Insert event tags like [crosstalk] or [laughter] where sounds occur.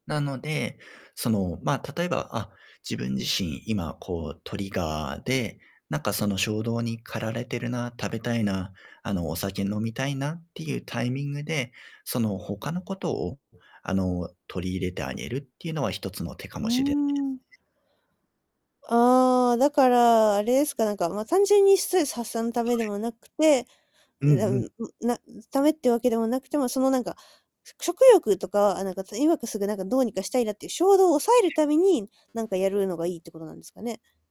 なので、そのま、例えば、あ、自分自身今こうトリガーで、なんかその衝動に駆られてるな、食べたいな、あのお酒飲みたいなっていうタイミングで、その他のことをあの取り入れてあげるっていうのは一つの手かうーもしれないですん。ね。ああ、だから、あれですか、なんか、ま、単純にストレス発散のたはめでい。もなくて、うんん、なうん。ん、ん、な、うん、ためってわけでもなくて、ま、そのなんか、しょ食欲とか、あ、なんか、と、今こう、すぐなんかどうにかしたいなっていう衝動を抑えるために、なんかやるのが [unintelligible] いいってことなんですかね？